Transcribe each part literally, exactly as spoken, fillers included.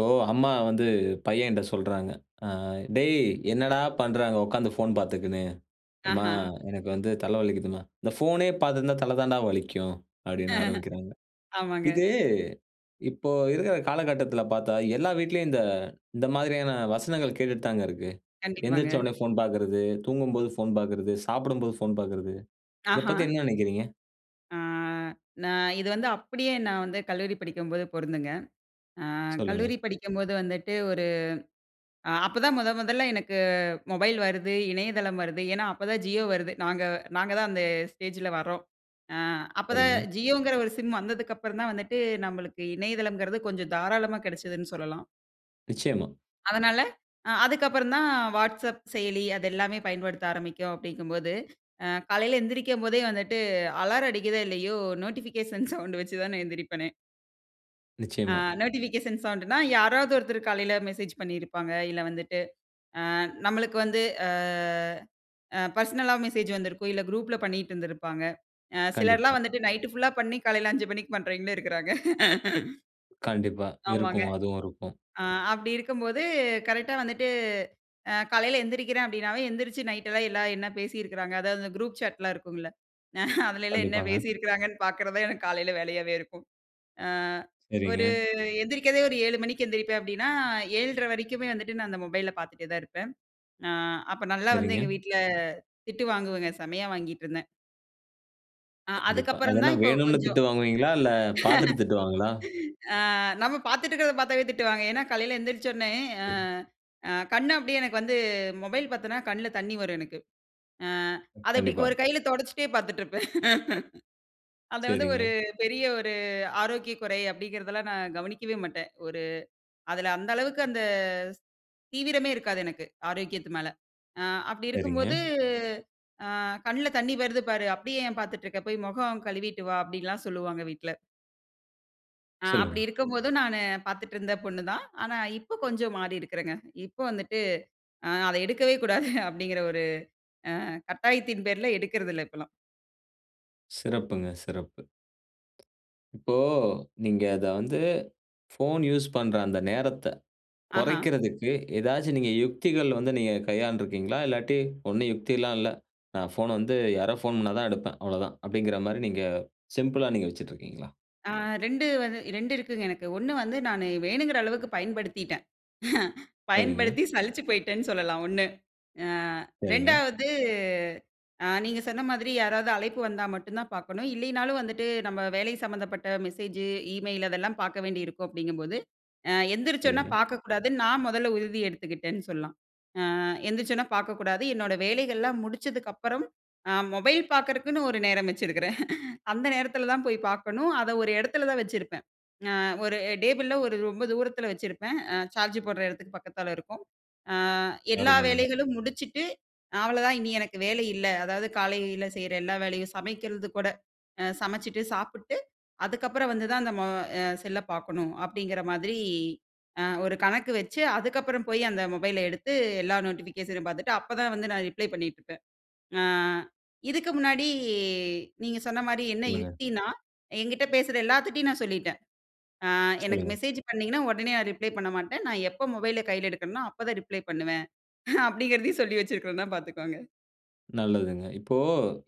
ஓ! அம்மா வந்து பையன்ட்ட சொல்றாங்க. ஆ "டேய்! என்னடா பண்ற அங்க உட்கார்ந்து ஃபோன் பார்த்துக்கினு" அம்மா! ஆஹ. "எனக்கு வந்து தல வலிக்கிதும்மா" "இந்த ஃபோனே பார்த்து இருந்தா, தல தான்டா வலிக்கும்" அப்பிடின்னு ஆரம்பிக்கிறாங்க. ஆமாங்க. இது இப்போ இருக்கிற காலகட்டத்தில பார்த்தா, எல்லா வீட்டிலயும் இந்த இந்த மாதிரியான வசனங்கள் கேட்டுட்டுத்தாங்க இருக்கு. கண்டிப்பாங்க. எந்திரிச்சவுனே ஃபோன் பார்க்கிறது, தூங்கும்போது ஃபோன் பார்க்கிறது, சாப்பிடும்போது ஃபோன் பார்க்கிறது. இத பத்தி ஆஹ. என்ன நெனைக்கிறீங்க? ஆ, நான் இது வந்து அப்டியே நான் வந்து கல்லூரி படிக்கும்போது பொருந்துங்க. அ சொல்லுங்க. கல்லூரி படிக்கும்போது வந்துட்டு, ஒரு அ அப்ப தான் முத முதல்ல எனக்கு மொபைல் வருது. இணையதளம் வருது. ஏன்னா, அப்ப தான் ஜியோ வருது. நாங்க நாங்க தான் அந்த ஸ்டேஜ்ல வர்றோம். அ அப்ப தான் சரிங்க. ஜியோங்கிற ஒரு சிம் வந்ததுக்கு அப்புறந்தான் வந்துட்டு, நம்மளுக்கு இணையதளம்ங்கிறது கொஞ்சம் தாராளமா கிடச்சதுன்னு சொல்லலாம். நிச்சயமா. அதனால, அ அதுக்கு அப்புறந்தான் வாட்ஸ்அப் செயலி அது எல்லாமே பயன்படுத்த ஆரம்பிக்கும், அப்பிடிங்கம்போது அ காலையில எந்திரிக்கும் போதே வந்துட்டு அலாரம் அடிக்கிதோ! இல்லயோ! நோட்டிபிகேஷன் சவுண்ட் வச்சு தான எந்திரிப்பனே! ஆ நிச்சயமா. நோட்டிபிகேஷன் சவுண்ட்டுன்னா, யாராவது ஒருத்தரு காலையில மெசேஜ் பண்ணியிருப்பாங்க. இல்ல வந்துட்டு, அ நம்மளுக்கு வந்து அ அ பெர்சனலா மெசேஜ் வந்திருக்கும். இல்ல குரூப்ல பண்ணிட்டு இருந்திருப்பாங்க. அ சிலர்லாம் கண்டிப்பா. வந்துட்டு நைட் ஃபுல்லா பண்ணி காலையில அஞ்சு மணிக்கி பண்றவங்களும் இருக்குறாங்க. கண்டிப்பா ஆமாங்க. இருக்கும். அதுவும் இருக்கும். ஆ அப்பிடி இருக்கும்போது, கரெக்ட்டா வந்துட்டு அ காலையில எந்திரிக்கிறேன் அப்பிடினாவே, எழுந்திரிச்சு நைட்லாம் எல்லாம் என்ன பேசியிருக்கிறாங்க. அதாவது அந்த குரூப் சாட்லாம் இருக்கும்ல. அதலேலாம் என்ன கண்டிப்பாங்க. பேசியிருக்கிறாங்கன்னு பார்க்குறது தான் எனக்கு காலையில வேலையாவே இருக்கும். ஆ ஒரு சரிங்க. எந்திரிக்கிறதே ஒரு ஏழு மணிக்கி எழுந்திரிப்பேன் அப்பிடின்னா, ஏழரை வரைக்குமே வந்துட்டு நான் அந்த மொபைல்ல பார்த்துட்டே தான் இருப்பேன். ஆ அப்ப நல்லா வந்து சரிங்க. எங்க வீட்ல திட்டு வாங்குவேங்க. செம்மையா வாங்கிட்டு இருந்தேன். ஆ, கண்டிப்பா. அது அதுக்கப்பறம் என்ன தான் இப்போ வேணும்னு கொஞ்சம் திட்டு வாங்குவீங்களா, இல்ல பாத்துட்டு திட்டுவாங்களா? ஆ, நம்ம பாத்துட்டு இருக்குறத பாத்தாலே திட்டுவாங்க. ஏன்னா காலையில எந்திரிச்சொன்னெ அ, கண்டிப் அ கண் அப்டீயே எனக்கு வந்து, மொபைல் பாத்தேனா கண்ணுல தண்ணீ வரும் எனக்கு. ஆ, அத இப்பிடி கண்டிப்பா. ஒரு கையில தொடச்சிட்டே பாத்துட்ருப்பேன். அத வந்து ஒரு சரிங்க. பெரிய ஒரு, ஆரோக்கிய குறை அப்டீங்குறதெல்லாம் நான் கவனிக்கவே மாட்டேன். ஒரு அதில அந்த அளவுக்கு அந்த ஸ் தீவிரமே இருக்காது எனக்கு. ஆரோக்கியத்து மேல. அ அப்பிடி இருக்கும் சரிங்க. போது, "ஆ கண்ணுல தண்ணீ வருது பாரு. அப்டீயே ஏன் பாத்துட்டு இருக்க. போயி மொகம் கழுவிட்டு வா" அப்டீன்னெல்லாம் சொல்லுவாங்க வீட்ல. அ அப்புடி சொல்லுங்க. இருக்கும்போதும் நானு பாத்துட்டு இருந்த பொண்ணு தான். ஆனா இப்போ கொஞ்சம் மாறி இருக்கிறேன்ங்க. இப்போ வந்துட்டு, ஆ அத எடுக்கவே கூடாது அப்டீங்குற ஒரு அ கட்டாயத்தின் பேர்ல எடுக்குறது இல்ல இப்போலாம். சிறப்புங்க, சிறப்பு. இப்போ நீங்க அத வந்து, ஃபோன் யூஸ் பண்ற அந்த நேரத்த ஆஹா! கொறைக்கிறதுக்கு ஏதாச்சு நீங்க யுக்திகள் வந்து நீங்க கையாண்டுருக்கீங்களா? இல்லாட்டி, "ஒண்ணும் யுக்திலாம் இல்ல. நான் ஃபோன் வந்து யாரோ ஃபோன் பண்ணா தான் எடுப்பேன். அவ்ளோதான்." அப்டீங்குற மாதிரி நீங்க சிம்பிளா நீங்க வச்சிட்ருக்கீங்களா? ஆ ரெண்டு வந்து ரெண்டு இருக்குங்க எனக்கு. ஒன்ணு வந்து நானு வேணுங்குற அளவுக்கு பயன்படுத்திட்டேன். சரிங்க. பயன்படுத்தி சலிச்சு போயிட்டேன்னு சொல்லலாம் ஒன்ணு. அ சரிங்க. ரெண்டாவது அ நீங்க சொன்ன மாதிரி, யாராவது அழைப்பு வந்தா மட்டும் தான் பார்க்கணும். இல்லைனாலும் வந்துட்டு, "நம்ம வேலை சம்பந்தப்பட்ட மெசேஜு, இமெயில் அதெல்லாம் பார்க்க வேண்டி இருக்கும்." அப்படீங்கும்போது, அ "எந்திரிச்சோன்ன சரிங்க. பார்க்கக்கூடாதுன்னு நா மொதல்ல உறுதி எடுத்துக்கிட்டேன்." சொல்லலாம். அ எந்திரிச்சோனா பார்க்கக்கூடாது. என்னோட வேலைகள்லாம் முடிச்சதுக்கு அப்புறம் அ மொபைல் பார்க்கறக்குன்னு ஒரு நேரம் வச்சிருக்கிறேன். அந்த நேரத்துல தான் போய் பார்க்கணும். அத ஒரு எடத்துல தான் வச்சிருப்பேன். அ ஒரு டேபிள்ல ஒரு ரொம்ப தூரத்துல வச்சிருப்பேன். அ சார்ஜ் போடுற இடத்துக்கு பக்கத்துல இருக்கும். "அ எல்லா அருமைங்க. வேலைகளும் முடிச்சுட்டு, அவ்வளோ தான் இனி எனக்கு வேலை இல்ல. அதாவது காலையில செய்ற எல்லா வேலையும் சமைக்கிறது கூட, அ சமைச்சுட்டு, சாப்புட்டு, அதுக்கப்பறம் வந்து தான் அந்த மொ அ செல்ல பார்க்கணும்." அப்படீங்குற மாதிரி அ ஒரு கணக்கு வச்சு, அதுக்கப்பறம் போய் அந்த மொபைல எடுத்து எல்லா நோட்டிஃபிகேஷனும் பார்த்துட்டு, அப்ப தான் வந்து நா ரிப்ளை பண்ணீட்டுருப்பேன். அ இதுக்கு முன்னாடி, நீங்க சொன்ன மாரி என்ன சொல்லுங்க. யுக்தின்னா? என்கிட்ட பேசுற எல்லாத்துட்டையும் நான் சொல்லிட்டேன், "அ எனக்கு சொல்லுங்க. மெசேஜ் பண்ணீங்கன்னா உடனே நா ரிப்ளை பண்ண மாட்டேன். நா எப்போ மொபைல கையில எடுக்கறனோ, அப்ப தான் ரிப்ளை பண்ணுவேன்." அப்படீங்கிறதையும் சொல்லி வச்சுருக்குறோம்ன்னா பார்த்துக்கோங்க. நல்லதுங்க, இப்போ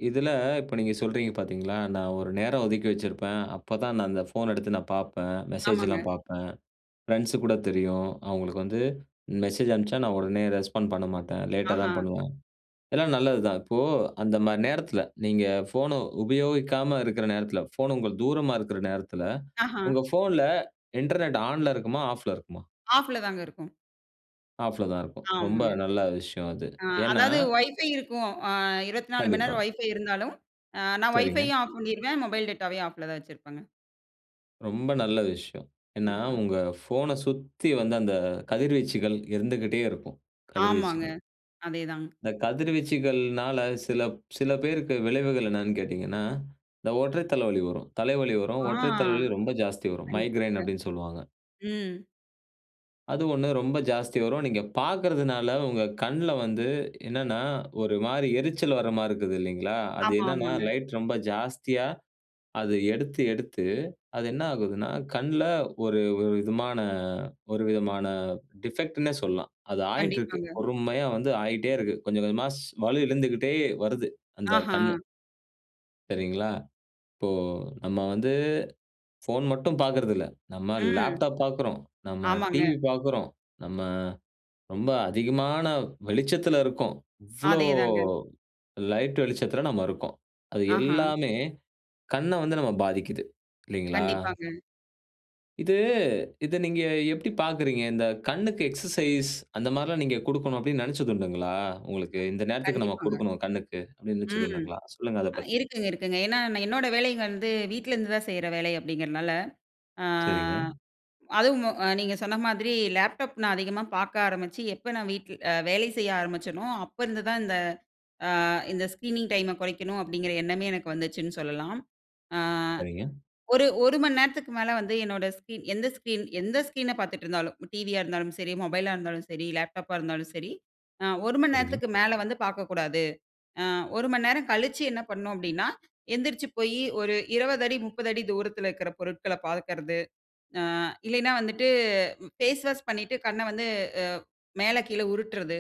இதில, இப்போ நீங்க சொல்றீங்க பாத்தீங்களா? "நான் ஒரு நேரம் ஒதுக்கி வச்சிருப்பேன், அப்பதான் நான் அந்த ஃபோன் எடுத்து நான் பாப்பேன், ஆமாங்க. மெசேஜ்ல்லாம் பாப்பேன், ஃப்ரெண்ட்ஸுக்கு கூட தெரியும், அவுங்களுக்கு வந்து, மெசேஜ் அனுப்பிச்சா நான் உடனே ரெஸ்பாண்ட் பண்ண மாட்டேன், லேட்டா ஆஹா. தான் பண்ணுவேன்." எல்லாம் நல்லதுதான், இப்போ அந்த மாரி நேரத்தில, நீங்க ஃபோன உபயோகிக்காம இருக்க நேரத்தில, ஃபோன் உங்கள் தூரமா இருக்கிற நேரத்தில, ஆஹா. உங்க ஃபோன்ல, Internet ஆன்ல இருக்குமா, ஆஃப்ல இருக்குமா? ஆஃப்ல தாங்க இருக்கும். ஆஃப்ல தான் இருக்கும், ரொம்ப ஆமாங்க. நல்ல விஷயம் அது. அ ஏன்னா? அதாவது Wi-Fi இருக்கும். அ இருவத்தி நாலு மணி கண்டிப்பா. நேரம் Wi-Fi இருந்தாலும், அ நான் சரிங்க. Wi-Fiயும் ஆஃப் பண்ணிடுவேன், Mobile Dataவயும் ஆஃப்ல தான் வச்சிருப்பேங்க. ரொம்ப நல்ல விஷயம். ஏன்னா, ம்ஹம். உங்க ஃபோன சுத்தி வந்து அந்த கதிர்வீச்சுகள் இருந்துகிட்டே இருக்கும், ஆமாங்க, கதிர்வீச்சுகள். அதே தாங் இந்த கதிர்வீச்சுகள்னால, சில சில பேருக்கு விளைவுகள் என்னென்னு கேட்டீங்கன்னா, இந்த ஒற்றை தலைவலி வரும், தலைவலி வரும், ஆ, ஒற்றை தலைவலி ரொம்ப ஜாஸ்தி வரும், "மைக்ரேன்" கண்டிப்பாங்க. அப்டின்னு சொல்லுவாங்க. ம். அது ஒண்ணு ரொம்ப ஜாஸ்தி வரும், நீங்க பாக்குறதுனால, உங்க கண்ல வந்து என்னான்னா, ஒரு மாரி எரிச்சல் வர்ற மாரி இருக்குது இல்லைங்களா? அது ஆமா, என்னான்னா? ஆமாங்க. லைட் ரொம்ப ஜாஸ்தியா, அது எடுத்து எடுத்து, அது என்ன ஆகுதுனா? கண்ல ஒரு ஒரு விதமான ஒரு விதமான டிஃபெக்ட்னே சொல்லலாம், அது ஆயிட்டு இருக்கு, கண்டிப்பாங்க. பொறுமையா வந்து ஆயிட்டே இருக்கு, கொஞ்சம் கொஞ்சமா ஸ் வலு இழுந்துகிட்டே வருது, அந்த ஆஹ. கண்ணு. சரிங்களா! இப்போ நம்ம வந்து, ஃபோன் மட்டும் பாக்குறதில்ல. நம்ம ம். லேப்டாப் பாக்குறோம், நம்ம ஆமாங்க. டிவி பாக்குறோம், நம்ம ரொம்ப அதிகமான வெளிச்சத்துல இருக்கோம். இவ்ளோ அதேதாங்க. லைட் வெளிச்சத்துல நம்ம இருக்கோம். அது ஆஹ! எல்லாமே கண்ண வந்து நம்ம பாதிக்குது. இல்லேங்களா? கண்டிப்பாங்க. இது இத நீங்க எப்புடி பாக்குறீங்க. இந்த கண்ணுக்கு எக்சர்சைஸ் அந்த மாரிலாம் நீங்க குடுக்கணும் அப்டீன்னு நெனச்சதுண்டுங்களா? உங்களுக்கு இந்த நேரத்துக்கு நம்ம கண்டிப்பாங்க. குடுக்கணும் கண்ணுக்கு, அப்டீன்னு ம். நெனச்சதுண்டுங்களா? சொல்லுங்க அதப் அ பத்தி. இருக்குங்க இருக்குங்க. ஏன்னா, நான் என்னோட வேலை வந்து வீட்ல இருந்து தான் செய்ற வேலை அப்டீங்குறனால ஆ, சரிங்க. அதுவும் அ நீங்க சொன்ன மாரி லேப்டாப் நான் அதிகமா பாக்க ஆரம்பிச்சு எப்போ நான் வீட்ல அ, வேலை செய்ய ஆரம்பிச்சேனோ, அப்போ இருந்து தான் இந்த அ "இந்த ஸ்க்ரீனிங் டைம் கொறைக்கணும்" அப்டீங்குற எண்ணமே எனக்கு வந்துச்சுன்னு சொல்லலாம். ஆ, சரிங்க. ஒரு ஒரு மணி நேரத்துக்கு மேல வந்து என்னோட ஸ்கிரீன் எந்த ஸ்கிரீன் எந்த ஸ்கிரீன பாத்துட்டுருந்தாலும், டிவியா இருந்தாலும் சரி, மொபைலா இருந்தாலும் சரி, லேப்டாப்பா இருந்தாலும் சரி. அ, ஒரு மணி சரிங்க. நேரத்துக்கு மேல வந்து பாக்கக்கூடாது. அ, ஒரு மணி நேரம் கழிச்சு என்ன பண்ணோம் அப்டீன்னா, எந்திரிச்சு போயி ஒரு இருவது அடி முப்பது அடி தூரத்துல இருக்குற பொருட்கள பாக்குறது. அ இல்லேன்னா வந்துட்டு, ஃபேஸ் வாஷ் பண்ணிட்டு கண்ண வந்து, அ மேல, கீழ உருட்றது.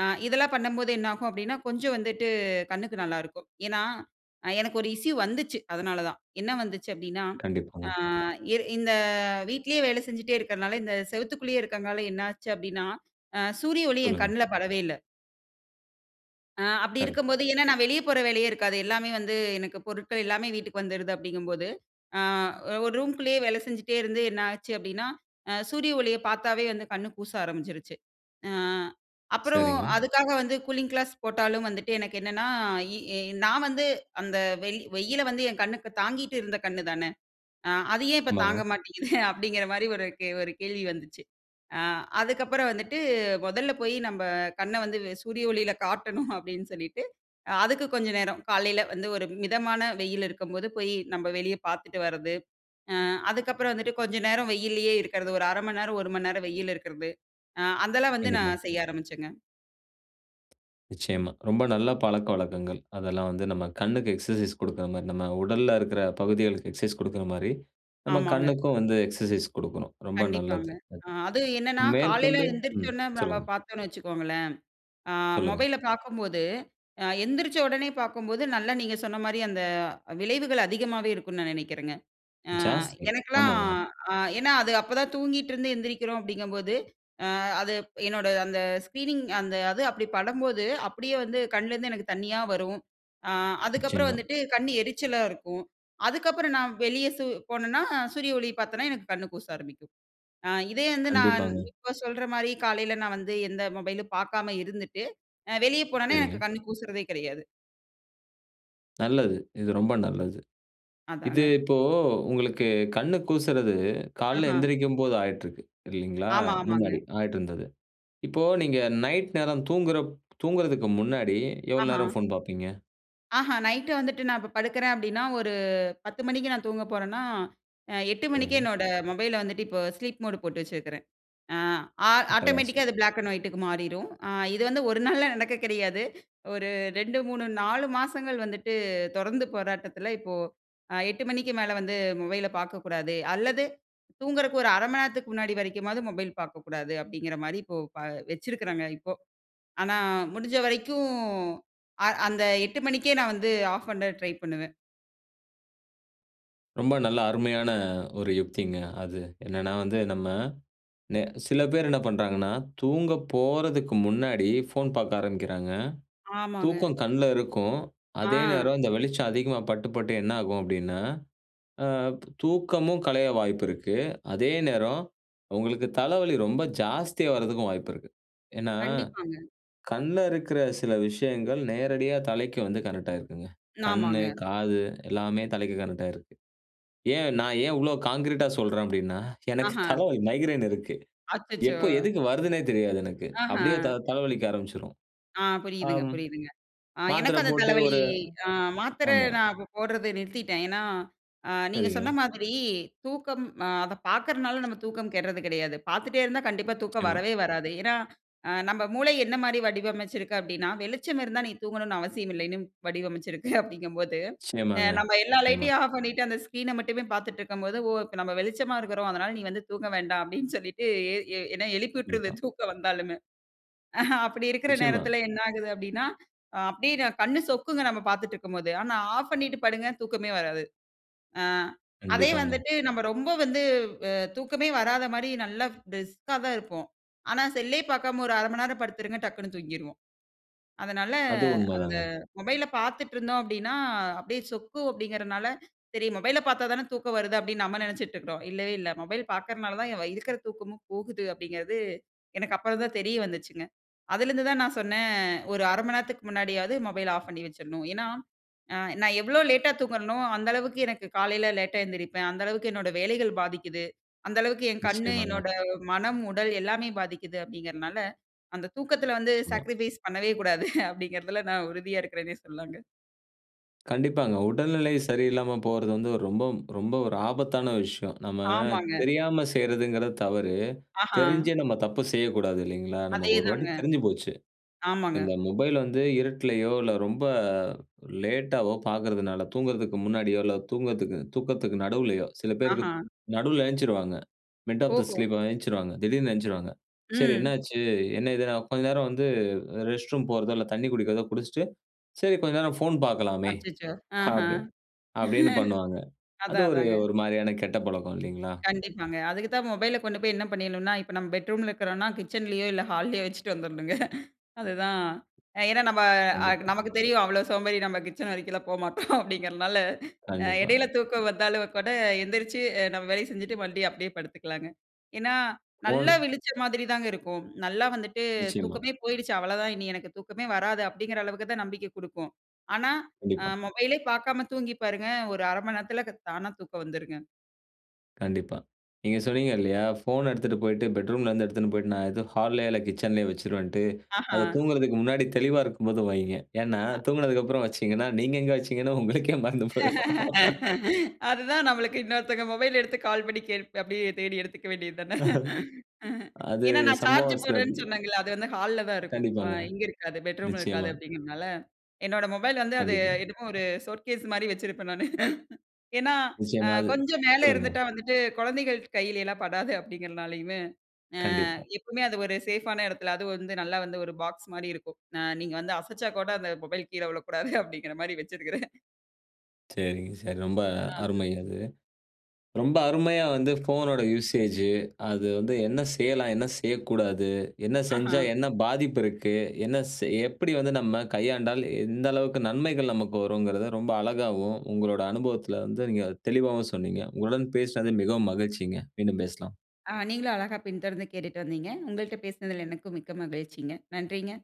ஆ, இதெல்லாம் பண்ணும்போது என்னாகும் அப்டீன்னா கொஞ்சம் வந்துட்டு கண்ணுக்கு நல்லா இருக்கும். ஏன்னா, எனக்கு ஒரு இஷ்யூ வந்துச்சு. அதனால தான். என்ன வந்துச்சு அப்டீன்னா, ஆ கண்டிப்பாங்க. இர் இந்த வீட்லயே வேலை செஞ்சுட்டே இருக்குறதுனால இந்த செவுத்துக்குள்ளயே இருக்குறதுனால என்ன ஆச்சு அப்டீன்னா, அ சூரிய ஒளி என் சொல்லுங்க. கண்ணுல படவே இல்ல. ஆ அப்படி கரெக்ட். இருக்கும்போது, ஏனா நான் வெளியே போற வேலையே இருக்காது. எல்லாமே வந்து எனக்கு பொருட்கள் எல்லாமே வீட்டுக்கு வந்துடுது அப்படிங்கும்போது, ஆ ஒரு ரூம்க்குள்ளேயே வேலை செஞ்சிட்டே இருந்து என்ன ஆச்சு அப்படினா, சூரிய ஒளிய பார்த்தாவே வந்து கண் கூச ஆரம்பிச்சிருச்சு. அ அப்புறம் சரிங்க. அதுக்காக வந்து கூலிங் கிளாஸ் போட்டாலும் வந்துட்டு எனக்கு என்னனா, இ நான் வந்து அந்த வெயிலை வந்து, என் கண்ணுக்கு தாங்கிட்டு இருந்த கண்ணு தான, ஆ அது ஏன் இப்போ ஆமாங்க. தாங்க மாட்டேங்குது அப்படின்கிற மாதிரி ஒரு கே ஒரு கேள்வி வந்துச்சு, ஆ அதற்கு அப்புறம் வந்துட்டு, முதல்ல போய் நம்ம கண்ணை வந்து சூரிய ஒளியில காட்டணும் அப்படினு சொல்லிட்டு, அதுக்கு கொஞ்சம் நேரம், காலையில வந்து ஒரு மிதமான வெயில் இருக்கும்போது போய் நம்ம வெளியே பார்த்துட்டு வரது. ஆ அதுக்கப்புறம் வந்துட்டு கொஞ்ச நேரம் வெயிலேயே இருக்கிறது ஒரு அரை மணி நேரம், ஒரு மணி நேரம் வெயில்ல இருக்கிறது. அ அதெல்லாம் வந்து கண்டிப்பா. நான் செய்ய ஆரம்பிச்சேங்க. நிச்சயமா. ரொம்ப நல்ல பழக்கவழக்கங்கள், அதெல்லாம் வந்து நம்ம கண்ணுக்கு எக்சர்சைஸ் கொடுக்கிற மாரி, நம்ம உடல்ல இருக்கிற பகுதிகளுக்கு எக்சர்சைஸ் கொடுக்கிற மாரி நம்ம ஆமாங்க. கண்ணுக்கும் வந்து எக்சர்சைஸ் கொடுக்கணும், ரொம்ப கண்டிப்பாங்க, நல்லது. அ அது என்னனா காலையில மேற்கொண்டு எழுந்திரிச்ச ம். உடனே நம்ம சொல்லுங்க. பார்த்தோம்னு வைச்சுக்கோங்களேன், ஆ சொல்லுங்க. மொபைல பார்க்கும்போது எந்தரிச்சோடனே பார்க்கும்போது, நல்லா நீங்க சொன்ன மாதிரி அந்த, விளைவுகள் அதிகமாவே இருக்கும்னு நான் நினைக்கிறேங்க. ஆ ஜாஸ்தி, எனக்கெலாம் ஆமாங்க. ஆ ஏனா அது அப்போ தான் தூங்கிகிட்டுருந்து எந்திரிக்கிறோம் அப்படிங்கும்போது, ஆ அது என்னோட அந்த ஸ்க்ரீனிங் அந்த அது அப்படி படும்போது, அப்படியே வந்து கண்ணுலேருந்து எனக்கு தண்ணியா வரும். ஆ அதுக்கப்புறம் நிச்சயமா. வந்துட்டு கண் எரிச்சலா இருக்கும். அதுக்கப்புறம் சு நான் வெளியே போனேன்னா, சூரிய ஒளி பார்த்தேனா எனக்கு கண் கூச ஆரம்பிக்கும். இதே வந்து நான் கண்டிப்பாங்க. இப்போ சொல்ற மாதிரி காலையில நான் வந்து எந்த மொபைலும் பார்க்காம இருந்துட்டு, வெளியே போனோனே எனக்கு சரிங்க. கண் கூசுறதே கிடையாது. நல்லது. இது ரொம்ப நல்லது. இது அதாங்க. இப்போ உங்களுக்கு கண் கூசுறது கால்ல ஆஹ. எழுந்திரிக்கும்போது ஆயிட்டு இருக்கு இல்லைங்களா? ஆமா, ஆமாங்க. முன்னாடி ஆயிட்டு இருந்தது. இப்போ நீங்க நைட் நேரம் தூங்குற தூங்குறதுக்கு முன்னாடி எவ்வளோ ஆஹா. நேரம் ஃபோன் பார்ப்பீங்க? ஆஹா. நைட் வந்துட்டு நான் இப்ப படுக்கிறேன் அப்டின்னா ஒரு பத்து மணிக்கு நான் தூங்கப் போறேன்னா அ எட்டு மணிக்கே சரிங்க. என்னோட மொபைல வந்துட்டு இப்போ ஸ்லீப் மோட் போட்டு வச்சிருக்குறேன். ஆ. ஆட்டோமேட்டிக்காக அட்டகாசம். அது பிளாக் அண்ட் ஒயிட்டுக்கு மாறிரும். அ இது வந்து ஒரு நாள்ல நடக்க கிடையாது. ஒரு ரெண்டு, மூணு, நாலு மாசங்கள் வந்துட்டு தொடர்ந்து போராட்டத்தில இப்போ அ எட்டு மணிக்கு மேல வந்து மொபைல பார்க்கக்கூடாது அல்லது தூங்குறக்கு ஒரு அரை மண நேரத்துக்கு முன்னாடி வரைக்குமாவது மொபைல் பார்க்கக்கூடாது அப்டிங்கிற மாரி இப்போ ப வச்சிருக்கிறாங்க இப்போ. ஆனா முடிஞ்ச வரைக்கும் அ அந்த எட்டு மணிக்கே நான் வந்து ஆஃப் பண்ண ட்ரை பண்ணுவேன். ரொம்ப நல்ல அருமையான ஒரு யுக்திங்க அது என்னன்னா, வந்து நம்ம எ சில பேர் என்ன பண்ணுறாங்கன்னா தூங்க போறதுக்கு முன்னாடி ஃபோன் பார்க்க ஆரம்பிக்கிறாங்க. ஆமாங்க. தூக்கம் கண்ல இருக்கும். அதே ஆ. நேரம் இந்த வெளிச்சம் அதிகமா பட்டு, பட்டு என்ன ஆகும் அப்டின்னா அ தூக்கமும் களைய வாய்ப்பு இருக்கு அதே நேரம் உங்களுக்கு தலவலி ரொம்ப ஜாஸ்தியா வரதுக்கும் வாய்ப்பு இருக்கு. ஏனா கண்டிப்பாங்க. கண்ல இருக்கிற சில விஷயங்கள் நேரடியா தலைக்கு வந்து கனெக்டாகிருக்குங்க கண்ணு ஆமாங்க. காது எல்லாமே தலைக்கு கனெக்டா ஆயிருக்குங்க. ஏன் நான் ஏன் இவ்வளோ கான்கிரீட்டா சொல்றேன் அப்டின்னா எனக்கு ஆஹா. தலவலி, மைக்ரேன் இருக்கு. அச்சச்சோ! எப்போ எதுக்கு வருதுன்னே தெரியாது எனக்கு ஆஹா. அப்டியே த தலவலிக்க ஆரம்ச்சுரும். ஆ புரியுதுங்க, ஆம் புரியுதுங்க. ஆ மாத்துர எனக்கும் அந்த போட்டு தலவலி. ஒரு அ மாத்தர ஆமா. நான் இப்ப போடுறத நிறுத்திட்டேன். ஏனா அ நீங்க சொன்ன சரிங்க. மாதிரி தூக்கம் அத பார்க்கிறதனால நம்ம தூக்கம் கெடறது கிடையாது. பார்த்துட்டே இருந்தா கண்டிப்பா தூக்கம் நிச்சயமா. வரவே வராது. ஏனா, அ நம்ப மூளை என்ன மாரி வடிவமைச்சுருக்கு அப்டின்னா வெளிச்சம் இருந்தா நீ தூங்கணும்னு அவசியம் இல்லன்னு வடிவமைச்சுருக்கு அப்டிங்கும்போது. அ நிச்சயமாங்க, நம்ம எல்லா நிச்சயமா. லைட்யும் ஆஃப் பண்ணிட்டு. அந்த ஸ்கிரீன மட்டுமே பார்த்துட்டுருக்கும் போது ஓ நம்ம வெளிச்சமா இருக்கிறோம் அதுனால நீ வந்து தூங்க வேண்டாம் அப்டின் சொல்லிட்டு எ எ என்ன எழுப்பி உட்டுருது கண்டிப்பா. தூக்கம் வந்தாலுமே. அ அப்டி இருக்கிற நிச்சயமா. நேரத்தில என்ன ஆகுது அப்டின்னா, அப்டியே கண்ணு சொக்குங்க நம்ம பார்த்துட்டு இருக்கும்போது. ஆனா ஆஃப் பண்ணிட்டு படுங்க தூக்கமே வராது. ஆ அதே கண்டிப்பாங்க. வந்துட்டு நம்ம ரொம்ப வந்து அ தூக்கமே வராத மாரி நல்லா பிரிஸ்க்கா தான் இருப்போம். ஆனா செல்லே பார்க்காம ஒரு அரை மணநேரம் படுத்துருங்க டக்ன்னு தூங்கிருவோம். அதனால அது உண்ம அந்த தாங்க. மொபைல்ல பார்த்துட்டுருந்தோம் அப்டின்னா, அப்டியே சொக்கு அப்டிங்குறனால சரி மொபைல பார்த்தா தானே தூக்கம் வருது அப்டின் நம்ம நெனைச்சுட்டு இருக்கிறோம். இல்லவே இல்ல மொபைல் பார்க்கிறதனால தான் இருக்கற தூக்கமும் போகுது அப்டிங்கிறது எனக்கு அப்புறம் தான் தெரிய வந்துச்சுங்க. அதிலிருந்து தான் நான் சொன்னே ஒரு அர மணநேரத்துக்கு முன்னாடியாவது. மொபைல ஆஃப் பண்ணி வச்சருணும். ஏனா, நான் எவ்வளோ லேட்டா தூங்குறனோ அந்த அளவுக்கு எனக்கு காலையில லேட்டா எழுந்திரிப்பேன். அந்த அளவுக்கு என்னோட வேலைகள் பாதிக்கிது. அந்த அளவுக்கு என் கண்ணு நிச்சயமாங்க. என்னோட மனம், உடல் எல்லாமே பாதிக்கிது அப்டிங்குதுனால அந்த தூக்கத்தில வந்து நிச்சயமா. சாக்ரிஃபைஸ் பண்ணவே கூடாது. அப்டிங்குறதுல நான் உறுதியா இருக்கிறேனே சொல்லாங்க. கண்டிப்பாங்க. உடல்நிலை சரியில்லாம போறது வந்து ரொம்ப ரொம்ப ஒரு ஆபத்தான விஷயம். நம்ம ஆமாங்க. தெரியாம செய்றதுங்குறது தவறு. ஆஹ்ம். தெரிஞ்சே நம்ம தப்பு செய்யக்கூடாது இல்லைங்களா? அதே நமக்கு ஒரு வாட்டி தாங்க. தெரிஞ்சு போச்சு. ஆமாங்க. இந்த மொபைல் வந்து இருட்டுலையோ, இல்லை ரொம்ப அ லேட்டாவோ பாக்குறதுனால, தூங்குறதுக்கு முன்னாடியோ, இல்லை தூங்கதுக்கு தூக்கத்துக்கு நடுவுலயோ, சில பேருக்கு ஆஹம். நடுவுல ஏந்த்ச்சிருவாங்க. மிட் ஆஃப் தி ஓஹோ! ஸ்லீப் ஏந்த்ச்சிடுவாங்க திடீர்னு ஏந்த்ச்சிடுவாங்க. சரி ம். என்னாச்சு? என்ன இதுன்னா? கொஞ்ச நேரம் வந்து ரெஸ்ட் ரூம் போறதோ, இல்ல தண்ணீ குடிக்கிறதோ குடிச்சிட்டு, "சரி கொஞ்ச நேரம் ஃபோன் பாக்கலாமே" அச்சச்சோ! அப்டி, ஆஹ்ம். அப்டீன்னு பண்ணுவாங்க. அது அதான் ஒரு அதாங்க. ஒரு மாரியான கெட்ட பழக்கம் இல்லிங்களா? கண்டிப்பாங்க. அதுக்கு தான் மொபைல கொண்டு போயி என்ன பண்ணிரணும்னனா, இப்போ நம்ம பெட்ரூம்ல இருக்குறோம்னா, கிச்சன்லயோ, இல்லை ஹால்லயோ வச்சுட்டு வந்துரணுங்க. அதுதான் அ ஏன்னா நம்ப அ கு கண்டிப்பா. நமக்கு தெரியும், அவ்வளோ சோம்பேறி நம்ம கிச்சன் வரைக்கும்லாம் போமாட்டோம் அப்டீங்குறனால, அ கண்டிப்பா. எடையில தூக்கம் வந்தாலும் கூட, எந்திரிச்சு அ நம்ம வேலைய செஞ்சுட்டு மறுப்டியும் அப்டீயே படுத்துக்கலாங்க. ஏன்னா? இப்போ நல்லா விழிச்ச மாதிரிதாங்க இருக்கும். நல்லா வந்துட்டு, நிச்சயமா. "தூக்கமே போயிடுச்சு. அவ்வளோதான். இனி எனக்கு தூக்கமே வராது" அப்புடீங்குற அளவுக்கு தான் நம்பிக்கை குடுக்கும். ஆனா அ கண்டிப்பா. மொபைலே பாக்காம தூங்கி பாருங்க. ஒரு அரை மணி நேரத்துல க தானா தூக்கம் வந்துருங்க. கண்டிப்பா. நீங்க சொன்னீங்க இல்லையா? ஃபோன் எடுத்துட்டு போயிட்டு, பெட்ரூம்லருந்து எடுத்துன்னு போய்ட்டு, நான் ஏதோ ஹால்லையோ இல்ல கிட்சன்லையோ வச்சுருவேன்ட்டு. ஆஹா. அத தூங்குறதுக்கு முன்னாடி தெளிவா இருக்கும்போது வைங்க. ஏன்னா அ. தூங்குனதுக்கப்பறம் வச்சீங்கன்னா, நீங்க எங்க வச்சீங்கன்னு உங்களுக்கே மறந்து போய்ரும். அதுதான் நம்மளுக்கு இன்னொருத்தங்க மொபைல எடுத்து கால் பண்ணி, கேள் அப்படியே தேடி எடுத்துக்கவேண்டியது தான. அஹ. அது ஏன்னா, "நான் சார்ஜ் சம்பவாசுல போடுறேன்னு இருந்தது. சொன்னேங்கல்ல. அது வந்து ஹால்ல தான் இருக்கும். ஆ கண்டிப்பாங்க. இங்க இருக்காது, பெட்ரூம்ல இருக்காது." நிச்சயமா. அப்படீங்குறதுனால, என்னோட மொபைல் வந்து அது கண்டிப்பா. என்னமோ ஒரு ஷோகேஸ் மாரி வச்சுருப்பேன் நானு. ஏன்னா, "அ நிச்சயமா. அது கொஞ்சம் மேல சொல்லுங்க. இருந்துட்டா வந்துட்டு குழந்தைகள் கையிலலாம் படாது." அப்படீங்குறதுனாலையுமே, அ கண்டிப்பா. எப்பவுமே அது ஒரு சேஃப்பான இடத்துல அது வந்து நல்லா வந்து ஒரு பாக்ஸ் மாரி இருக்கும். "அ நீங்க வந்து அசச்சா கூட, அந்த மொபைல் கீழ விழக்கூடாது." அப்படீங்குறமாரி வச்சுருக்குறேன். சரிங்க, சரி. ரொம்ப ஆ. அருமை அது. ரொம்ப அருமையா வந்து ஃபோனோட யூசேஜு, அது வந்து என்ன செய்யலாம், என்ன செய்யக்கூடாது, என்ன செஞ்சா ஆஹா. என்ன பாதிப்பு இருக்கு, என்ன செய் எப்படி வந்து நம்ம கையாண்டால், எந்த அளவுக்கு நன்மைகள் நமக்கு வரும்ங்கிறத, ரொம்ப அழகாவும் உங்களோட அனுபவத்துல வந்து நீங்க தெளிவாவும் சொன்னீங்க. உங்களுடன் பேசினது மிகவும் மகிழ்ச்சிங்க. மீண்டும் பேசலாம். ஆ நீங்களும் அழகா பின்தொடர்ந்து கேட்டுட்டு வந்தீங்க. உங்கள்ட்ட பேசுனதுல எனக்கும் மிக்க மகிழ்ச்சிங்க. நன்றிங்க.